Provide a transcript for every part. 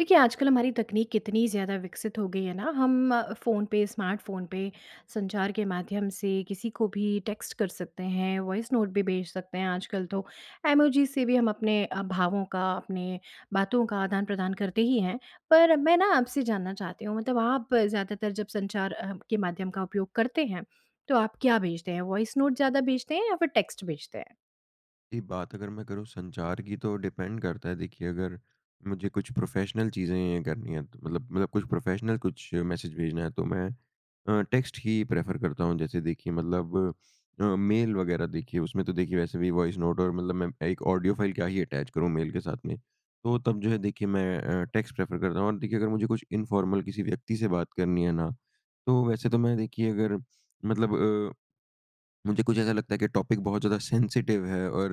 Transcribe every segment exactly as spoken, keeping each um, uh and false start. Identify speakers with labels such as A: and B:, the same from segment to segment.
A: देखिए आजकल हमारी तकनीक कितनी ज़्यादा विकसित हो गई है ना हम अ, फ़ोन पे स्मार्ट फ़ोन पे संचार के माध्यम से किसी को भी टेक्स्ट कर सकते हैं, वॉइस नोट भी भेज सकते हैं आजकल तो। इमोजी से भी हम अपने अ, भावों का अपने बातों का आदान-प्रदान करते ही हैं। पर मैं ना आपसे जानना चाहती हूँ मतलब आप ज़्यादातर जब संचार अ, के माध्यम का उपयोग करते हैं तो आप क्या भेजते हैं? वॉइस नोट ज़्यादा भेजते हैं या फिर टेक्स्ट भेजते हैं?
B: जी बात अगर मैं करूँ अगर संचार की तो डिपेंड करता है देखिए अगर मुझे कुछ प्रोफेशनल चीज़ें करनी है तो मतलब मतलब कुछ प्रोफेशनल कुछ मैसेज भेजना है तो मैं अ, टेक्स्ट ही प्रेफर करता हूँ। जैसे देखिए मतलब अ, मेल वगैरह देखिए उसमें तो देखिए वैसे भी वॉइस नोट और मतलब मैं एक ऑडियो फाइल का ही अटैच करूँ मेल के साथ में। तो तब जो है देखिए मैं अ, टेक्स्ट प्रेफर करता हूँ और देखिए अगर मुझे कुछ इनफ़ॉर्मल किसी व्यक्ति से बात करनी है ना तो वैसे तो मैं देखिए अगर मतलब अ, मुझे कुछ ऐसा लगता है कि टॉपिक बहुत ज़्यादा सेंसिटिव है और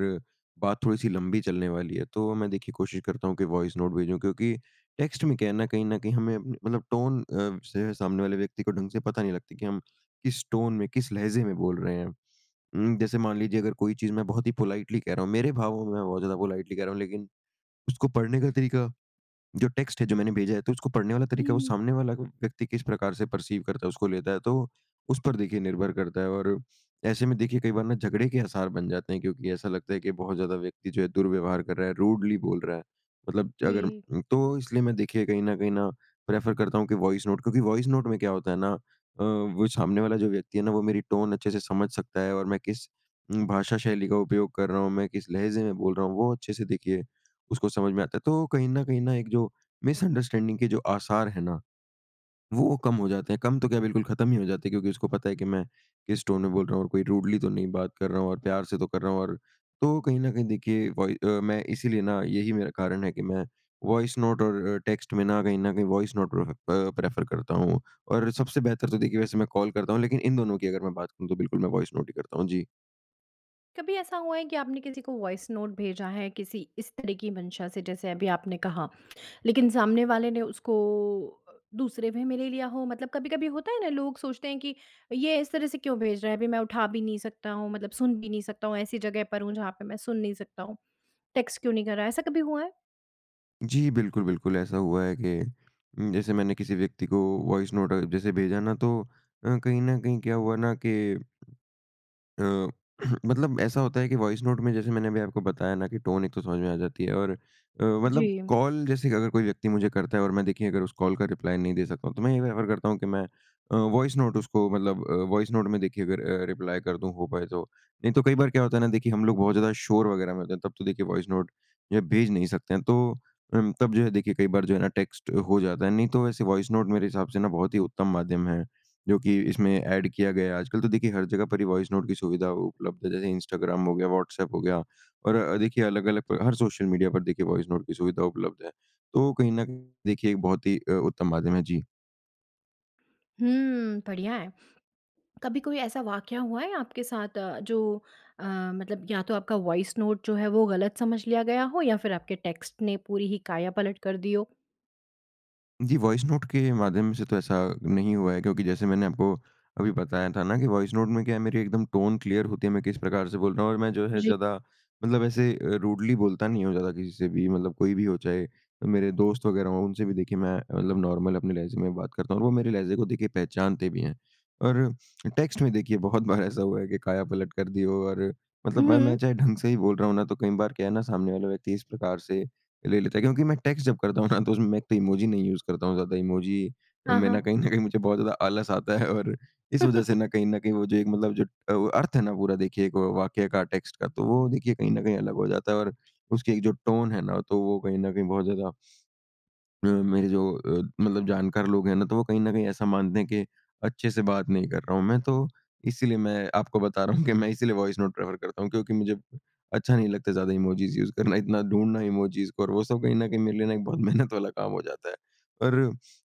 B: बात थोड़ी-सी लंबी चलने वाली है तो मैं देखिए कोशिश करता हूँ कि वॉइस नोट भेजूँ। क्योंकि टेक्स्ट में क्या है ना, कहीं न कहीं हमें मतलब टोन अ, से सामने वाले व्यक्ति को ढँग से पता नहीं लगती कि हम किस टोन में किस लहज़े में बोल रहे हैं? उम, जैसे मान लीजिए अगर कोई चीज़ मैं बहुत ही पोलाइटली कह रहा हूँ। मेरे भावों में मैं बहुत ज़्यादा पोलाइटली कह रहा हूँ लेकिन उसको पढ़ने का तरीका जो टेक्स्ट है जो मैंने भेजा है तो उसको पढ़ने वाला तरीका है वो
A: हुँ।
B: सामने वाला व्यक्ति किस प्रकार से प, परसीव करता है उसको लेता है तो उस पर देखिए निर्भर करता है। और ऐसे में देखिए कई बार ना झगड़े के आसार बन जाते हैं क्योंकि ऐसा लगता है कि बहुत ज़्यादा व्यक्ति जो है दुर्व्यवहार कर रहा है, रूडली बोल रहा है। मतलब अगर
A: जी।
B: अ, तो इसलिए मैं देखिए कहीं ना वहीं ना प्रेफर करता हूँ कि वॉइस नोट क्योंकि वॉइस नोट में क्या होता है ना अ, वो सामने वाला जो व्यक्ति है ना वो मेरी टोन अच्छे से समझ सकता है और मैं किस उम भाषा शैली का उपयोग कर रहा हूँ मैं किस लहज़े में बोल रहा हूँ वो अच्छे से देखिए उसको समझ में आता है। तो कहीं न कहीं न एक जो मिसअंडरस्टैंडिंग के जो आसार है ना वो कम हो जाते हैं। कम तो क्या बिल्कुल खत्म ही हो जाते हैं क्योंकि उसको पता है कि मैं किस टोन में बोल रहा हूँ और कोई रूडली तो नहीं बात कर रहा हूँ और प्यार से तो कर रहा हूँ। और तो कहीं न कहीं देखिए वही अ, मैं इसीलिए ना यही मेरा कारण है कि मैं वॉइस नोट और अ, टेक्स्ट में ना कहीं ना कहीं voice note pref uh, prefer करता हूँ और सबसे बेहतर तो देखिए वैसे मैं कॉल करता हूँ। लेकिन इन दोनों की अगर मैं बात करूँ तो बिल्कुल मैं वॉइस नोट ही करता हूँ। जी।
A: कभी ऐसा हुआ है कि आपने किसी को वॉइस नोट भेजा है किसी इस तरह की मंशा से, जैसे अभी आपने कहा, लेकिन सामने वाले ने उसको अ, दूसरे वे में ले लिया हो। मतलब कभी-कभी होता है ना लोग सोचते हैं कि ये इस तरह से क्यों भेज रहा है, अभी मैं उठा भी नहीं सकता हूँ, मतलब सुन भी नहीं सकता हूँ, ऐसी जगह पर हूँ जहाँ पे मैं सुन नहीं सकता हूँ, टेक्स्ट क्यों नहीं कर रहा है, ऐसा कभी हुआ है?
B: जी, बिल्कुल, बिल्कुल। ऐसा हुआ है कि उम, जैसे मैंने किसी व्यक्ति को वॉइस नोट अगर जैसे भेजा ना तो अ, कहीं ना कहीं क्या हुआ ना कि अ, मतलब ऐसा होता है कि वॉइस नोट में जैसे मैंने अभी आपको बताया ना कि टोन एक तो समझ में आ जाती है। और अ, मतलब
A: जी।
B: कॉल जैसे अगर कोई व्यक्ति मुझे करता है और मैं देखिए अगर उस कॉल का रिप्लाई नहीं दे सकता हूँ, तो मैं ये प्रेफ़र करता हूँ कि मैं अ, वॉइस नोट उसको मतलब अ, वॉइस नोट में देखिए अगर अ, रिप्लाई कर दूँ हो पाए तो। नहीं तो कई बार क्या होता है ना देखिए, हम लोग बहुत ज़्यादा शोर वग़ैरह में होते हैं, तब तो देखिए वॉइस नोट जो है भेज नहीं सकते हैं। तो अम, तब जो है देखिए कई बार जो है ना टेक्स्ट हो जाता है। नहीं तो वैसे वॉइस नोट मेरे हिसाब से ना बहुत ही उत्तम माध्यम है, जो कि इसमें ऐड किया गया है। आजकल तो देखिए हर जगह पर ही वॉइस नोट की सुविधा उपलब्ध है, जैसे इंस्टाग्राम हो गया, व्हाट्सऐप हो गया, और अ, देखिए अलग-अलग हर सोशल मीडिया पर देखिए वॉइस नोट की सुविधा उपलब्ध है। तो कहीं न कहीं देखिए एक बहुत ही अ, उत्तम माध्यम है। जी।
A: हुँ। बढ़िया है। कभी कोई ऐसा वाकया हुआ है आपके साथ अ, जो अ, मतलब या तो आपका वॉइस नोट जो है वो गलत समझ लिया गया हो या फिर आपके टेक्स्ट ने पूरी ही काया पलट कर दी हो?
B: जी वॉइस नोट के माध्यम से तो ऐसा नहीं हुआ है। क्योंकि जैसे मैंने आपको अभी बताया था ना कि वॉइस नोट में क्या है मेरी एकदम टोन क्लियर होती है। मैं किस प्रकार से बोल रहा हूँ। और मैं जो है
A: जी।
B: ज़्यादा मतलब ऐसे अ, रूडली बोलता नहीं हूँ ज़्यादा किसी से भी मतलब कोई भी हो चाहे मेरे दोस्त वगैरह हो उनसे भी देखिए मैं मतलब नॉर्मल अपने लहज़े में बात करता हूँ। और वो मेरे लहज़े को देखिए पहचानते भी हैं। और टेक्स्ट में देखिए बहुत बार ऐसा हुआ है की काया पलट कर दी हो और मतलब मैं
A: हुँ।
B: मैं चाहे ढंग से ही बोल रहा हूँ ना तो कई बार क्या है ना सामने वाला व्यक्ति इस प्रकार से ले लेता है। क्योंकि मैं टेक्स्ट जब करता हूँ ना तो उसमें मैं एक तो इमोजी नहीं यूज़ करता हूँ ज़्यादा इमोजी
A: हाँ,
B: मैं ना
A: हाँ।
B: कहीं न कहीं मुझे बहुत ज़्यादा आलस आता है। और इस वज़ह से ना कहीं न कहीं वो जो एक मतलब जो अ, अर्थ है ना पूरा देखिए एक वाक्य का टेक्स्ट का तो वो देखिए कहीं न कहीं अलग हो जाता है। और उसकी एक जो टोन है ना तो वो कहीं न कहीं बहुत ज़्यादा अ, मेरे जो अ, मतलब जानकार लोग हैं ना तो वो कहीं न कहीं ऐसा मानते हैं कि अच्छे से बात नहीं कर रहा हूँ मैं। तो इसीलिए मैं आपको बता रहा हूँ कि मैं इसीलिए वॉइस नोट प्रेफर करता हूँ क्योंकि मुझे अच्छा नहीं लगता ज़्यादा इमोजिस यूज़ करना इतना ढूँढना इमोजिस को और वो सब कहीं न कहीं मेरे लिए ना एक बहुत मेहनत वाला काम हो जाता है। और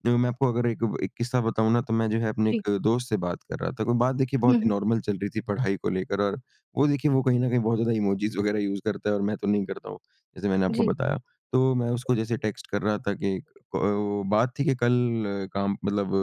B: देखो मैं आपको अगर एक एक किस्सा बताऊँ ना तो मैं जो है अपने
A: जी।
B: एक दोस्त से बात कर रहा था कोई बात देखिए
A: हुँ,
B: बहुत ही
A: हुँ।
B: नॉर्मल चल रही थी पढ़ाई को लेकर और वो देखिए वो कहीं न कहीं बहुत ज़्यादा इमोजिस वगैरह यूज़ करता है। और मैं तो नहीं करता हूँ जैसे मैंने आपको
A: जी।
B: बताया। तो मैं उसको जैसे टेक्स्ट कर रहा था कि ओ बात थी कि कल अ काम मतलब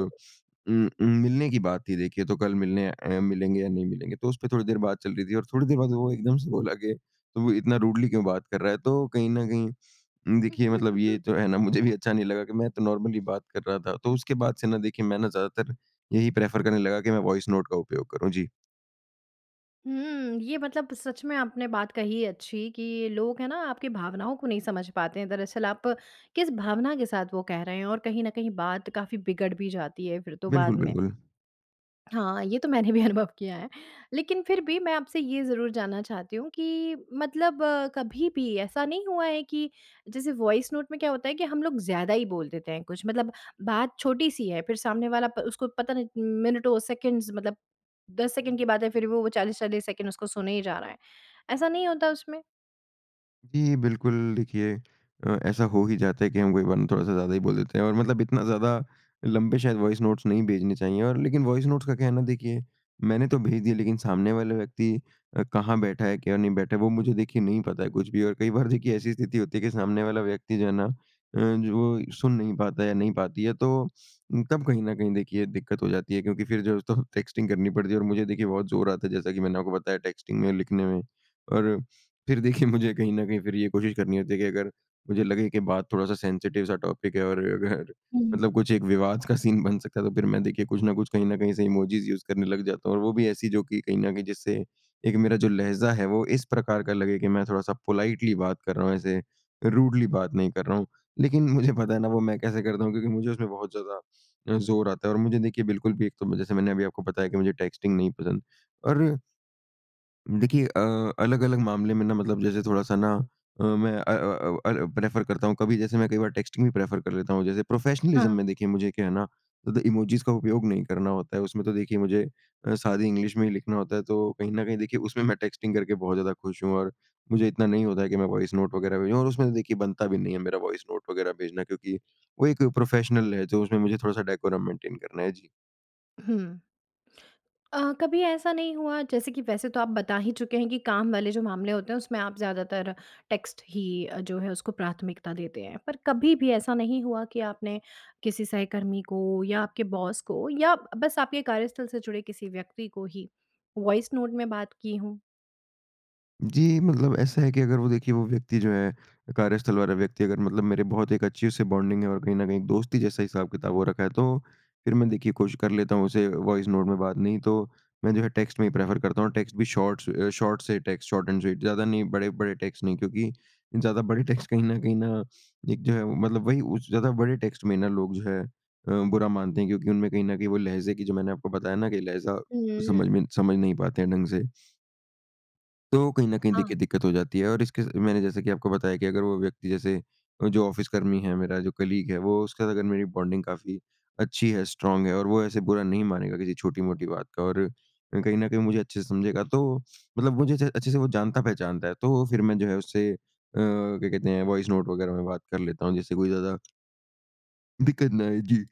B: उम, उम, मिलने की बात थी देखिए तो कल मिलने अ, मिलेंगे या नहीं मिलेंगे? तो उसपे थोड़ी देर बात चल रही थी और थोड़ी देर बाद वो एकदम से बोला कि तू इतना रूडली क्यों बात कर रहा है? तो कहीं न कहीं देखिए मतलब ये तो है ना मुझे भी अच्छा नहीं लगा कि मैं तो नॉर्मली बात कर रहा था तो उसके बाद से ना देखिए मैं ना ज़्यादातर यही प्रेफर करने लगा कि मैं वॉइस नोट का उपयोग करूँ। जी।
A: हुँ। ये मतलब सच में आपने बात कही अच्छी कि लोग है ना आपकी भावनाओं को नहीं समझ पाते हैं दरअसल आप किस भावना के साथ वो कह रहे हैं और कहीं ना कहीं बात काफ़ी बिगड़ भी जाती है फिर तो बाद
B: बिल्कुल,
A: में।
B: बिल्कुल।
A: हाँ, ये तो मैंने भी अनुभव किया है लेकिन फिर भी मैं आपसे ये ज़रूर जानना चाहती हूँ कि मतलब कभी भी ऐसा नहीं हुआ है कि जैसे वॉइस नोट में क्या होता है कि हम लोग ज़्यादा ही बोल देते हैं कुछ मतलब बात छोटी-सी है फिर सामने वाला प, उसको पता नहीं मिनटों सेकेंड्स मतलब, दस सेकंड की बात है फिर वो चालीस चालीस सेकेंड उसको सुने ही जा रहा है। ऐसा नहीं होता उसमें?
B: जी। बिल्कुल देखिए अ, ऐसा हो ही जाता है कि हम कई बार ना थोड़ा-सा ज़्यादा ही बोल देते हैं और मतलब इतना ज़्यादा लंबे शायद वॉइस नोट्स नहीं भेजने चाहिए और लेकिन वॉइस नोट्स का क्या है ना देखिए मैंने तो भेज दिए लेकिन सामने वाले व्यक्ति अ, कहाँ बैठा है क्या नहीं बैठा है वो मुझे देखिए नहीं पता है कुछ भी और कई बार देखिए ऐसी स्थिति होती है कि सामने वाला व्यक्ति जो है ना अ, जो सुन नहीं पाता है या नहीं पाती है। तो तब कहीं न कहीं देखिए दिक्कत हो जाती है क्योंकि फिर जो तो टेक्स्टिंग करनी पड़ती है और मुझे देखिए बहुत ज़ोर आता है जैसा कि मैंने आपको बताया टेक्स्टिंग में लिखने में और फिर देखिए मुझे कहीं न कहीं फिर ये कोशिश करनी होती है कि अगर मुझे लगे कि बात थोड़-सा सेंसिटिव सा टॉपिक है और अगर
A: हुँ।
B: मतलब कुछ एक विवाद का सीन बन सकता है तो फिर मैं देखिए कुछ ना कुछ कहीं न कहीं से इमोजिस यूज़ करने लग जाता हूँ और वो भी ऐसी जो कि कहीं न कहीं जिससे एक मेरा जो लहज़ा है वो इस प्रकार का लगे कि मैं थोड़ा-सा पोलाइटली बात कर रहा हूँ ऐसे रूडली बात नहीं कर रहा हूँ। लेकिन मुझे पता है ना वो मैं कैसे करता हूँ क्योंकि मुझे उसमें बहुत ज़्यादा ज़ोर आता है और मुझे देखिए बिल्कुल भी एक तो जैसे मैंने अभी आपको बताया कि मुझे टेक्स्टिंग नहीं पसंद और देखिए अ, अलग-अलग मामले में ना मतलब जैसे थोड़ा-सा ना अ, मैं अ, अ, अ, अ, प्रेफ़र करता हूँ कभी जैसे मैं कई बार टेक्स्टिंग भी प्रेफ़र कर लेता हूँ जैसे प्रोफ़ेशनलिज्म
A: हाँ।
B: में देखिए मुझे क्या है ना इमोजिस का उपयोग नहीं करना होता है उसमें तो देखिए मुझे अ, सादी इंग्लिश में ही लिखना होता है तो कहीं न कहीं देखिए उसमें मैं टेक्स्टिंग करके बहुत ज़्यादा खुश हूँ और मुझे इतना नहीं होता है कि मैं वॉइस नोट वगैरह भेजूँ और उसमें देखिए बनता भी नहीं है मेरा वॉइस नोट वगैरह भेजना क्योंकि वो एक प्रोफ़ेशनल लहज़ा है तो उसमें मुझे थोड़ा-सा डेकोरम मेंटेन करना है। जी।
A: हुँ। अ, कभी ऐसा नहीं हुआ जैसे कि वैसे तो आप बता ही चुके हैं कि काम वाले जो मामले होते हैं उसमें आप ज़्यादातर टेक्स्ट ही अ, जो है उसको प्राथमिकता देते हैं। पर कभी भी ऐसा नहीं हुआ कि आपने किसी सहकर्मी को या आपके बॉस को या ब-बस आपके कार्यस्थल से जुड़े किसी व्यक्ति को ही वॉइस नोट में बात की हों?
B: जी। मतलब ऐसा है कि अगर वो देखिए वो व्यक्ति जो है कार्यस्थल वाला व्यक्ति अगर मतलब मेरे बहुत एक अच्छी उससे बॉन्डिंग है और कहीं न कहीं दोस्ती जैसा हिसाब-किताब हो रखा है। तो फ़िर मैं देखिए कोशिश कर लेता हूँ उसे वॉइस नोट में बात नहीं तो मैं जो है टेक्स्ट में ही प्रेफ़र करता हूँ। टेक्स्ट भी शॉर्ट्स अ, शॉर्ट से टेक्स्ट शॉर्ट एंड स्वीट ज़्यादा नहीं बड़े-बड़े टेक्स्ट नहीं क्योंकि ज़्यादा बड़े टेक्स्ट कहीं न कहीं न एक जो है मतलब वही उस ज़्यादा बड़े टेक्स्ट में ना लोग जो है अ, बुरा मानते हैं क्योंकि उनमें कहीं न कहीं वो लहज़े की जो मैंने आपको बताया ना कि लहज़ा समझ
A: हम्म।
B: में समझ नहीं पाते हैं ढंग से। तो कहीं न कहीं
A: हाँ।
B: देखिए दिक्कत हो जाती है। और इसके अ, मैंने जैसे कि आपको बताया कि अगर वो व्यक्ति जैसे अ, जो ऑफ़िस कर्मी है मेरा जो कलीग है वो उसके साथ अगर मेरी बॉन्डिंग काफ़ी अच्छी है स्ट्रॉन्ग है और वो ऐसे बुरा नहीं मानेगा किसी छोटी-मोटी बात का। और कहीं न कहीं मुझे अच्छे से समझेगा तो मतलब मुझे से अच्छे से वो जानता पहचानता है तो फ़िर मैं जो है उससे अ, क्या कहते हैं वॉइस नोट वगैरह में बात कर लेता हूँ जिससे कोई ज़्यादा दिक्कत ना आए, जी।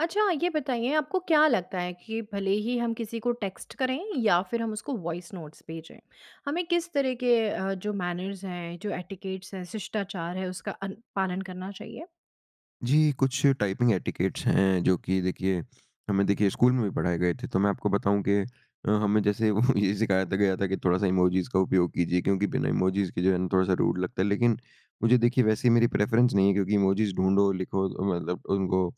A: अच्छा, ये बताइए आपको क्या लगता है कि भले ही हम किसी को टेक्स्ट करें या फिर हम उसको वॉइस नोट्स भेजें। हमें किस तरह के अ, जो मैनर्स हैं, जो एटिकेट्स हैं, शिष्टाचार है उसका अन पालन करना चाहिए?
B: जी। कुछ टाइपिंग एटिकेट्स हैं जो कि देखिए, हमें देखिए स्कूल में भी पढ़ाए गए थे, तो मैं आपको बताऊँ कि अ, हमें जैसे ये सिखाया था गया था कि थोड़ा-सा इमोजिज़ का उपयोग कीजिए, क्योंकि बिना इमोजिज़ के जो है थोड़ा-सा रूड लगता है। लेकिन मुझे देखिए, वैसे ये मेरी प्रेफरेंस नहीं है क्योंकि इमोजिज़ ढूँढो, लिखो अ, मतलब उनको अ,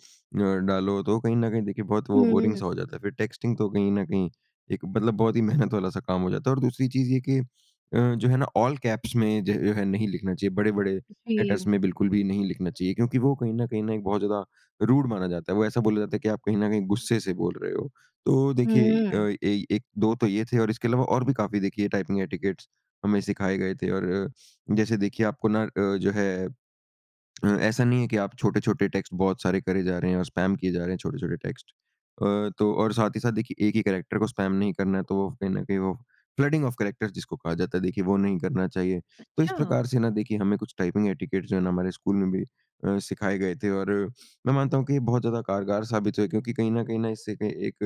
B: डालो, तो वो कहीं न कहीं देखिए बहुत वो बोरिंग
A: हुँ।
B: सा हो जाता है। फिर टेक्स्टिंग तो कहीं न कहीं एक मतलब बहुत ही मेहनत वाला सा काम हो जाता है। और दूसरी चीज़ ये है कि अ, जो है ना ऑल कैप्स में ज जो है नहीं लिखना चाहिए, बड़े-बड़े लेटर्स
A: जी।
B: में बिल्कुल भी नहीं लिखना चाहिए, क्योंकि वो कहीं न कहीं न एक बहुत ज़्यादा रूड माना जाता है। वो ऐसा बोला जाता है कि आप कहीं न कहीं गुस्से से बोल रहे हो। तो देखिए इ
A: हुँ।
B: अ, एइ एक दो तो ये थे, और इसके अलावा और भी काफ़ी देखिए टाइपिंग एटिकेट्स हमें सिखाए गए थे। और अ, जैसे देखिए आपको ना अ, जो है अ, ऐसा नहीं है कि आप छोटे-छोटे टेक्स्ट बहुत सारे करे जा रहे हैं और स्पैम किए जा रहे हैं छोटे-छोटे टेक्स्ट। अ, तो और साथ ही साथ देखिए, एक ही कैरेक्टर को स्पैम नहीं करना है। तो वो कहीं न कहीं वो फ्लडिंग ऑफ कैरेक्टर्स जिसको कहा जाता है, देखिए वो नहीं करना चाहिए। तो इस
A: अच्छा।
B: प्रकार से ना देखिए हमें कुछ टाइपिंग एटिकेट्स जो है ना हमारे स्कूल में भी अ, सिखाए गए थे, और मैं मानता हूँ कि ये बहुत ज़्यादा कारगर साबित हुए हैं क्योंकि कहीं न कहीं न इससे क एक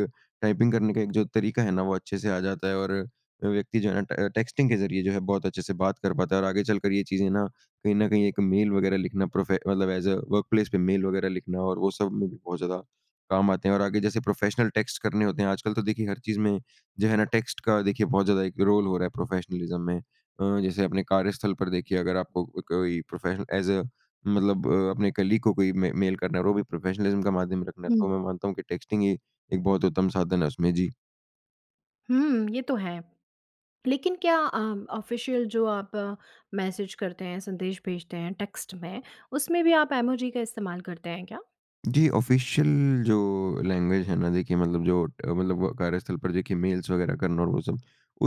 B: टाइपिंग करने का एक जो तरीका है ना, वो अच्छे से आ जाता है और अ, व्यक्ति जो है ना ट टेक्स्टिंग के ज़रिए जो है बहुत अच्छे से बात कर पाता है। और आगे चलकर ये चीज़ें ना, कहीं न कहीं एक मेल वग़ैरह लिखना प्रोफे मतलब ऐज़ अ वर्कप्लेस पे मेल वग़ैरह लिखना और वो सब में भी बहुत ज़्यादा काम आते हैं। और आगे जैसे प्रोफ़ेशनल टेक्स्ट करने होते हैं, आजकल तो देखिए हर चीज़ में जो है ना टेक्स्ट का देखिए बहुत ज़्यादा एक रोल हो रहा है प्रोफेशनलिज़्म में। अ, जैसे अपने कार्यस्थल पर देखिए अगर आपको अ, कोई प्रोफेशन ऐज़ अ मतलब अ, अपने कलीग को कोई मे मेल करना है, और वो भी प्रोफेशनलिज़्म का माध्यम रखना है,
A: हुँ।
B: तो मैं मानता हूँ कि टेक्स्टिंग हीं एक बहुत उत्तम साधन है उसमें। जी।
A: हुँ। ये तो है। लेकिन क्या अ, ऑफ़िशियल जो आप मैसेज करते हैं, संदेश भेजते हैं टेक्स्ट में उसमें भी आप इमोजी का इस्तेमाल करते हैं क्या?
B: जी। ऑफ़िशियल जो लैंग्वेज है ना देखिए मतलब जो अ, मतलब कार्यस्थल पर देखिए मेल्स वग़ैरह करना और वो सब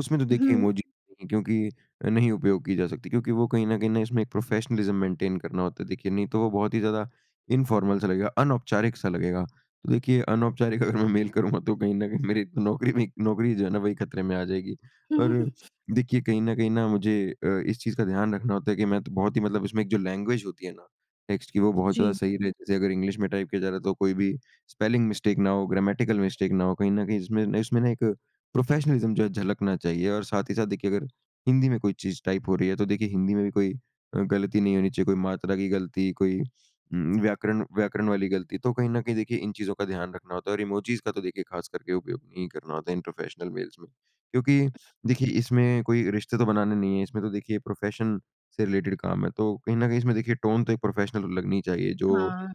B: उसमें तो देखिए
A: हुँ।
B: इमोजी क्योंकि नहीं उपयोग की जा सकती क्योंकि वो कहीं न कहीं इसमें एक प्रोफ़ेशनलिज़्म मेंटेन करना होता है देखिए नहीं तो वो बहुत ही ज़्यादा इन्फ़ॉर्मल सा लगेगा अनौपचारिक-सा लगेगा तो देखिए अनौपचारिक अगर मैं मेल करूँगा तो कहीं न कहीं मेरी नौकरी पे ही नौकरी जो है ना, वही ख़तरे में आ जाएगी और देखिए कहीं न कहीं ना मुझे अ, इस चीज़ का ध्यान रखना होता है कि मैं तो बहुत ही मतलब इसमें एक जो लैंग्वेज होती है ना? टेक्स्ट की वो बहुत ज़्यादा
A: जी।
B: सही रहे। जैसे अगर इंग्लिश में टाइप किया जा रहा है तो कोई भी स्पेलिंग मिस्टेक ना हो ग्रामेटिकल मिस्टेक ना हो कहीं न कहीं जिसमें इसमें ना एक प्रोफ़ेशनलिज़्म जो है झलकना चाहिए और साथ ही साथ देखिए अगर हिंदी में कोई चीज़ टाइप हो रही है तो देखिए हिंदी में भी कोई अ, गलती नहीं होनी चाहिए कोई मात्रा की गलती कोई उ, व्याकरण व्याकरण वाली गलती तो कहीं न कहीं देखिए इन चीज़ों का ध्यान रखना होता है और इमोजिज़ का तो देखिए ख़ास करके उपयोग नहीं करना होता है इन प्रोफ़ेशनल मेल्स में। क्योंकि देखिए इसमें कोई रिश्ते तो बनाने नहीं है इसमें तो देखिए प्रोफ़ेशन से रिलेटेड काम है तो कहीं न कहीं इसमें देखिए टोन तो एक प्रोफ़ेशनल लगनी चाहिए जो।
A: हाँ।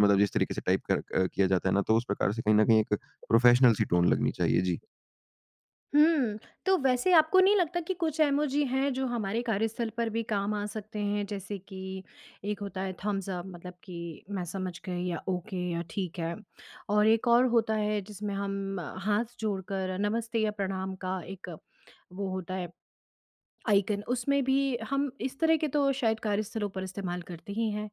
B: मतलब जिस तरीके से टाइप क किया जाता है ना तो उस प्रकार से कहीं न कहीं एक प्रोफ़ेशनल सी टोन लगनी चाहिए। जी।
A: हुँ। तो वैसे आपको नहीं लगता कि कुछ इमोजी हैं जो हमारे कार्यस्थल पर भी काम आ सकते हैं, जैसे कि एक होता है थम्स अप, मतलब कि मैं समझ गई या ओके या ठीक है। और एक और होता है जिसमें हम हाथ जोड़कर नमस्ते या प्रणाम का एक वो होता है आइकन, उसमें भी हम इस तरह के तो शायद कार्यस्थलों पर इस्तेमाल करते ही हैं।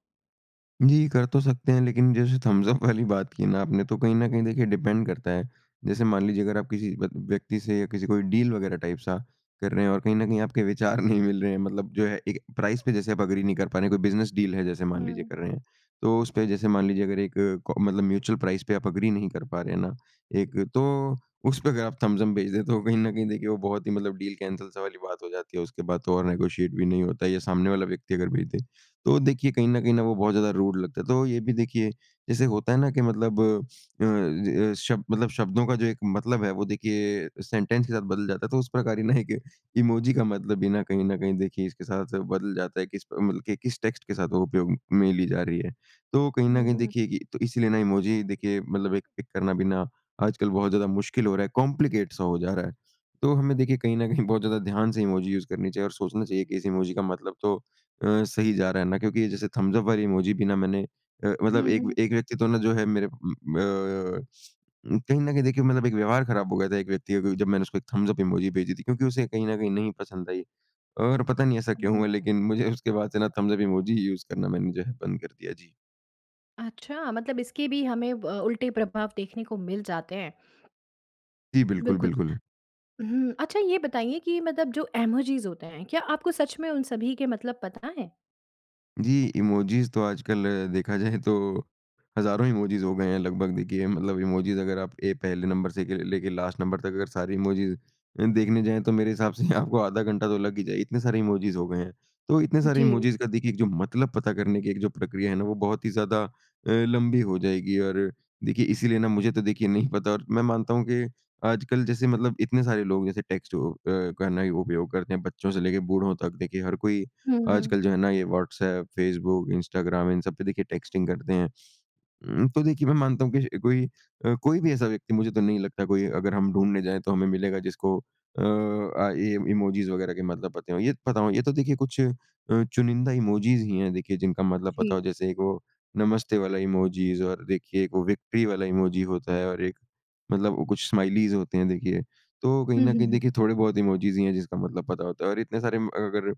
B: जी, कर तो सकते हैं, लेकिन जैसे थम्स अप वाली बात की ना आपने, तो कहीं न कहीं देखिए डिपेंड करता है। जैसे मान लीजिए अगर आप किसी ब व्यक्ति से, या किसी कोई डील वग़ैरह टाइप सा कर रहे हैं और कहीं न कहीं आपके विचार नहीं मिल रहे हैं, मतलब जो है एक प्राइस पे जैसे आप एग्री नहीं कर पा रहे हैं। कोई बिज़नेस डील है जैसे मान लीजिए
A: हुँ।
B: कर रहे हैं, तो उसपे जैसे मान लीजिए अगर एक क मतलब म्यूचुअल प्राइस पे आप एग्री नहीं कर पा रहे हैं ना एक, तो उसपे अगर आप थम्स अप भेज दे तो कहीं न कहीं देखिए वो बहुत ही मतलब डील कैंसल सा वाली बात हो जाती है। उसके बाद तो और नेगोशिएट भी नहीं होता या सामने वाला व्यक्ति अगर भेज दे। तो देखिए कहीं न कहीं न, वो बहुत ज़्यादा रूड लगता है। तो ये भी देखिए, जैसे होता है ना कि मतलब अ, ज शब्द मतलब शब्दों का जो एक मतलब है वो देखिए सेंटेंस के साथ बदल जाता है। तो उस प्रकार ही ना एक इमोजी का मतलब भी ना कहीं न कहीं देखिए इसके साथ-साथ बदल जाता है, किस प्र मतलब कि किस टेक्स्ट के साथ वो उपयोग में ली जा रही है। तो कहीं न
A: हुँ,
B: कहीं
A: हुँ।
B: देखिए कि तो इसीलिए ना इमोजी देखिए मतलब एक पिक करना भी ना आजकल बहुत ज़्यादा मुश्किल हो रहा है, कॉम्प्लिकेट सा हो जा रहा है। तो हमें देखिए कहीं न कहीं बहुत ज़्यादा ध्यान से इमोजी यूज़ करनी चाहिए और सोचना चाहिए कि इस इमोजी का मतलब तो अ, सही जा रहा है ना, क्योंकि जैसे थम्स अप वाली इमोजी भी ना मैंने अ,
A: हुँ,
B: मतलब एक
A: हुँ।
B: एक व्यक्ति तो ना जो है मेरे उम अ, कहीं न कहीं देखिए मतलब एक व्यवहार खराब हो गया था एक व्यक्ति का क्योंकि जब मैंने उसको एक थम्स अप इमोजी भेजी थी क्योंकि उसे कहीं न कहीं नहीं पसंद आई। और पता नहीं ऐसा क्यों
A: हुँ।
B: हुआ, लेकिन मुझे उसके बाद से ना थम्स अप इमोजी ही यूज़ करना मैंने जो है बंद कर दिया। जी।
A: अच्छा, मतलब इसके भी हमें ब, उल्टे प्रभाव देखने को मिल जाते हैं।
B: जी, बिल्कुल,
A: बिल्कुल।
B: बिल्कुल।
A: हुँ, अच्छा ये बताइए कि, मतलब जो इमोजिस होते हैं, क्या आपको सच में उन सभी के मतलब पता हैं?
B: जी, इमोजीस तो आजकल देखा जाए तो हज़ारों इमोजीस हो गए हैं लगभग देखिए। मतलब इमोजीस अगर आप एक पहले नंबर से लेके लास्ट नंबर तक अगर सारी इमोजीस देखने जाएँ, तो मेरे हिसाब से यहाँ आपको आधा घंटा तो लग ही जाएगा इतने सारे इमोजीस हो गए हैं। तो इतने सारे
A: जी।
B: इमोजीस का देखिए जो मतलब पता करने की एक जो प्रक्रिया है ना, वो बहुत ही ज़्यादा अ, लंबी हो जाएगी। और देखिए इसीलिए ना मुझे तो देखिए नहीं पता और मैं मानता हूँ कि आजकल जैसे मतलब इतने सारे लोग जैसे टेक्स्ट अ, हो का न ही उपयोग करते हैं। बच्चों से लेकर बूढ़ों तक देखिए हर कोई
A: हुँ।
B: आजकल जो है ना, ये व्हाट्सएप, फ़ेसबुक, इंस्टाग्राम इन सब पे देखिए टेक्स्टिंग करते हैं। म, तो देखिए मैं मानता हूँ कि कोई अ, कोई भी ऐसा व्यक्ति मुझे तो नहीं लगता कोई अगर हम ढूँढने जाएँ, तो हमें मिलेगा, जिसको अ अ, ये इमोजीस वगैरह के मतलब पते हों। ये पता हो ये तो देखिए कुछ अ, चुनिंदा इमोजीस ही हैं देखिए जिनका मतलब
A: जी।
B: पता हो जैसे एक वो नमस्ते वाला इमोजीस और देखिए वो विक्ट्री वाला इमोजी होता है और एक मतलब वो कुछ स्माइलीज़ होती हैं देखिए। तो कहीं
A: हुँ,
B: ना
A: हुँ,
B: कहीं
A: हुँ।
B: देखिए थोड़े बहुत इमोजीस ही हैं जिसका मतलब पता होता है, और इतने सारे म अगर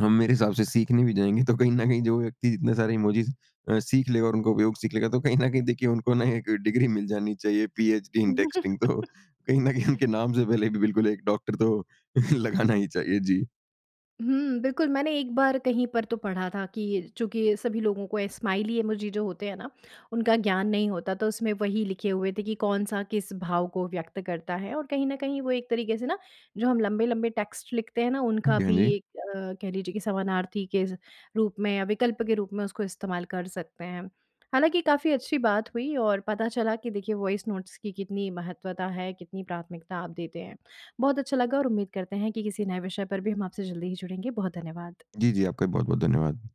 B: हम मेरे हिसाब से सीखने भी जाएँगे, तो कहीं ना कहीं जो व्यक्ति जितने सारे इमोजीस अ, सीख लेगा और उनका उपयोग सीख लेगा तो कहीं ना कहीं देखिए उनको ना एक डिग्री मिल जानी चाहिए पीएचडी इन टेक्सटिंग। तो कहीं ना कहीं उनके नाम से पहले भी बिल्कुल एक डॉक्टर तो लगाना ही चाहिए। जी।
A: हुँ, बिल्कुल, मैंने एक बार कहीं पर तो पढ़ा था कि चूँकि सभी लोगों को स्माइली इमोजी जो होते हैं ना, उनका ज्ञान नहीं होता, तो उसमें वही लिखे हुए थे कि कौन-सा किस भाव को व्यक्त करता है। और कहीं न कहीं वो एक तरीके से ना जो हम लंबे-लंबे टेक्स्ट लिखते हैं ना,
B: हाँ
A: उनका
B: जी, हाँ
A: भी
B: जी।
A: एक अ, कह लीजिये की एक समानार्थी के रूप में विकल्प के रूप में उसको इस्तेमाल कर सकते हैं। हालाँकि, काफ़ी अच्छी बात हुई और पता चला कि देखिए वॉइस नोट्स की कितनी महत्वता है, कितनी प्राथमिकता आप देते हैं। बहुत अच्छा लगा और उम्मीद करते हैं कि किसी नए विषय पर भी हम आपसे जल्दी ही जुड़ेंगे। बहुत धन्यवाद।
B: जी, जी आपका भी बहुत-बहुत धन्यवाद।